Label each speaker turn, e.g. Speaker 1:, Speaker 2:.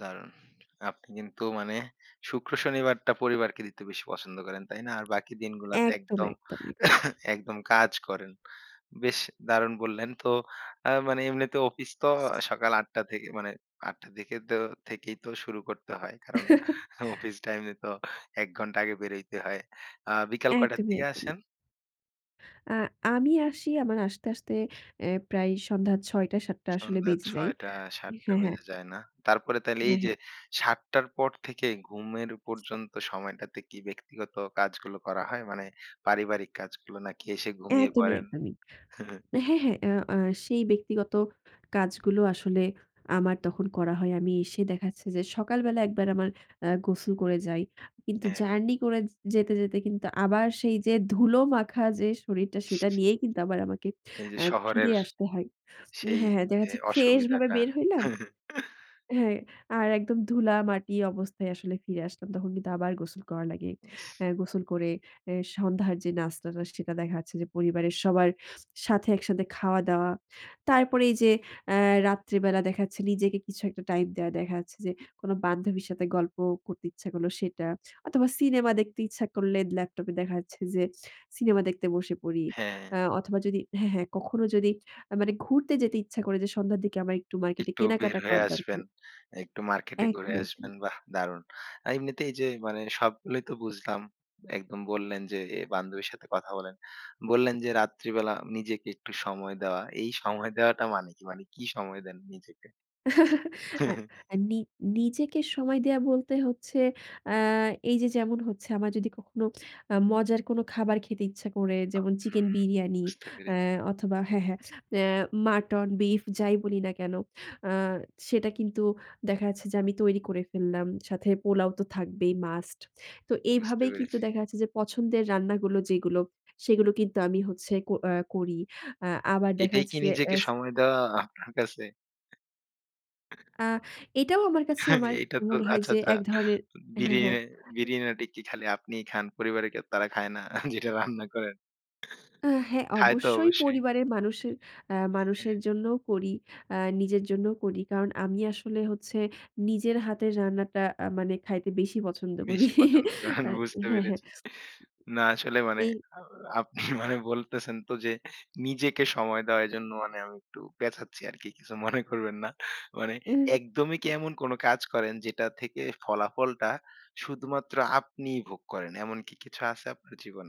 Speaker 1: দারুন। আপনি কিন্তু মানে শুক্র-শনিবারটা পরিবারকে দিতে বেশি পছন্দ করেন তাই না? আর বাকি দিনগুলাতে
Speaker 2: একদম,
Speaker 1: একদম,
Speaker 2: একদম, একদম।
Speaker 1: একদম কাজ করেন। বেশ দারুণ বললেন। তো আ মানে এমনিতে অফিস তো সকাল ৮ টা থেকে মানে ৮ টা দিকে তো থেকেই তো শুরু করতে হয়। কারণ অফিস টাইমে তো এমনি তো ১ ঘণ্টা আগে বের হইতে হয়। আ বিকাল কইটার
Speaker 2: একদমই,
Speaker 1: দিকে
Speaker 2: একদমই।
Speaker 1: আসেন?
Speaker 2: আ আমি আসি আমার আসতে, আসতে, অ্যাঁ প্রায় সন্ধ্যা ৬ টা ৭ টা আসলে
Speaker 1: সন্ধ্যা
Speaker 2: বেজে যায়।
Speaker 1: ৬ টা ৭টা
Speaker 2: হ্যাঁ, হ্যাঁ।
Speaker 1: বেজে যায় না। তারপরে তাইলে
Speaker 2: হ্যাঁ,
Speaker 1: এই যে,
Speaker 2: হ্যাঁ।
Speaker 1: ৭ টার পর থেকে ঘুমের পর্যন্ত সময়টাতে কি ব্যক্তিগত কাজগুলো করা হয়? মানে পারিবারিক কাজগুলো নাকি এসে ঘুমিয়ে
Speaker 2: একদমই,
Speaker 1: পড়েন?
Speaker 2: একদমই। হ্যাঁ, হ্যাঁ, ও আ সেই ব্যক্তিগত কাজগুলো আসলে আমার তখন করা হয়। আমি এসে দেখাচ্ছে যে, সকালবেলা একবার আমার অ্যা গোসল করে যাই। কিন্তু
Speaker 1: হ্যাঁ।
Speaker 2: জার্নি করে যেতে, যেতে, কিন্তু আবার সেই যে, ধুলো মাখা যে, শরীরটা সেটা নিয়েই কিন্তু আবার আমাকে
Speaker 1: এই যে,
Speaker 2: আ ফিরে
Speaker 1: শহরের
Speaker 2: আসতে হয়।
Speaker 1: সেই
Speaker 2: হ্যাঁ, হ্যাঁ,
Speaker 1: যে,
Speaker 2: দেখাচ্ছে ফ্রেশ ভাবে
Speaker 1: অসুবিধাটা।
Speaker 2: বের হইলাম। হ্যাঁ, আর একদম ধুলা মাটি অবস্থায় আসলে ফিরে আসলাম। তখন কিন্তু আবার গোসল করা লাগে।
Speaker 1: ইস!
Speaker 2: অ্যাঁ গোসল করে এ্যা সন্ধ্যার যে, নাস্তাটা সেটা দেখা যাচ্ছে যে, পরিবারের সবার সাথে একসাথে খাওয়া-দাওয়া। তারপরে এই যে, অ্যাঁ রাত্রিবেলা দেখাচ্ছে নিজেকে কিছু একটা টাইম দেওয়া দেখা যাচ্ছে যে, কোন বান্ধবীর সাথে গল্প করতে ইচ্ছা করল সেটা। অথবা সিনেমা দেখতে ইচ্ছা করলে ল্যাপটপ এ দেখা যাচ্ছে যে, সিনেমা দেখতে বসে পড়ি।
Speaker 1: হ্যাঁ।
Speaker 2: আ অথবা যদি হ্যাঁ, হ্যাঁ, কখনো যদি মানে ঘুরতে যেতে ইচ্ছা করে যে, সন্ধ্যার দিকে আমার একটু মার্কেট
Speaker 1: একটু বের
Speaker 2: কেনাকাটা
Speaker 1: হয়ে
Speaker 2: করা
Speaker 1: আসবেন।
Speaker 2: দরকার।
Speaker 1: একটু মার্কেটে
Speaker 2: এক
Speaker 1: ঘুরে
Speaker 2: মিনিট। [unintelligible]
Speaker 1: আসবেন বাহ্‌! দারুন। এমনিতেই যে, মানে সবগুলোই তো বুঝলাম। একদম বললেন যে, বান্ধবীর সাথে কথা বলেন। বললেন যে, রাত্রিবেলা নিজেকে একটু সময় দেওয়া। এই সময় দেওয়াটা মানে কি? মানে কি সময় দেন নিজেকে?
Speaker 2: আ আ নি নিজেকে সময় দেয়া বলতে হচ্ছে আ এই যে, যেমন হচ্ছে আমার যদি কখনো আ মজার কোন খাবার খেতে ইচ্ছা করে
Speaker 1: আ
Speaker 2: যেমন
Speaker 1: হুম,
Speaker 2: চিকেন বিরিয়ানি
Speaker 1: বুঝতে পেরে
Speaker 2: আ অথবা হ্যাঁ, হ্যাঁ, আ মাটন বিফ যাই বলি না কেন আ সেটা কিন্তু দেখা যাচ্ছে যে, আমি তৈরি করে ফেললাম। সাথে পোলাও তো থাকবেই মাস্ট। তো
Speaker 1: বুঝতে
Speaker 2: এইভাবেই কিন্তু
Speaker 1: পেরেছি।
Speaker 2: দেখা যাচ্ছে যে, পছন্দের রান্নাগুলো যেগুলো সেগুলো কিন্তু আমি হচ্ছে আ করি। আ আবার দেখা
Speaker 1: এটাই
Speaker 2: যাচ্ছে
Speaker 1: কি
Speaker 2: যে,
Speaker 1: নিজেকে
Speaker 2: এস
Speaker 1: সময় দেওয়া আপনার কাছে?
Speaker 2: আ এটাও আমার কাছে আমার
Speaker 1: এইটা তো
Speaker 2: মনে হয়
Speaker 1: আচ্ছা,
Speaker 2: যে,
Speaker 1: আচ্ছা।
Speaker 2: এক ধরনের
Speaker 1: বিরি
Speaker 2: হ্যাঁ, হ্যাঁ।
Speaker 1: এ্যা
Speaker 2: [unintelligible]
Speaker 1: বিরিয়ানিটা খালি আপনিই খান। পরিবারের কে তারা খায় না। যেটা রান্না করেন?
Speaker 2: আ হ্যাঁ,
Speaker 1: খায় তো
Speaker 2: অবশ্যই
Speaker 1: অবশ্যই।
Speaker 2: পরিবারের মানুষের এ্যা
Speaker 1: [unintelligible]
Speaker 2: মানুষের
Speaker 1: হ্যাঁ।
Speaker 2: জন্যও করি। আ নিজের জন্যও করি। কারণ আমি আসলে হচ্ছে নিজের হাতের রান্নাটা আ মানে খাইতে বেশি পছন্দ করি
Speaker 1: বেশি পছন্দ করেন
Speaker 2: আ
Speaker 1: বুঝতে
Speaker 2: হ্যাঁ, হ্যাঁ।
Speaker 1: পেরেছি না আসলে মানে
Speaker 2: এই
Speaker 1: আ আপনি মানে বলতেছেন তো যে, নিজেকে সময় দেওয়া এজন্য মানে আমি একটু পেচাচ্ছি আরকি। কিছু মনে করবেন না মানে
Speaker 2: এ
Speaker 1: একদমই কি এমন কোন কাজ করেন যেটা থেকে ফলাফলটা শুধুমাত্র আপনিই ভোগ করেন। এমনকি কিছু আছে আপনার জীবনে?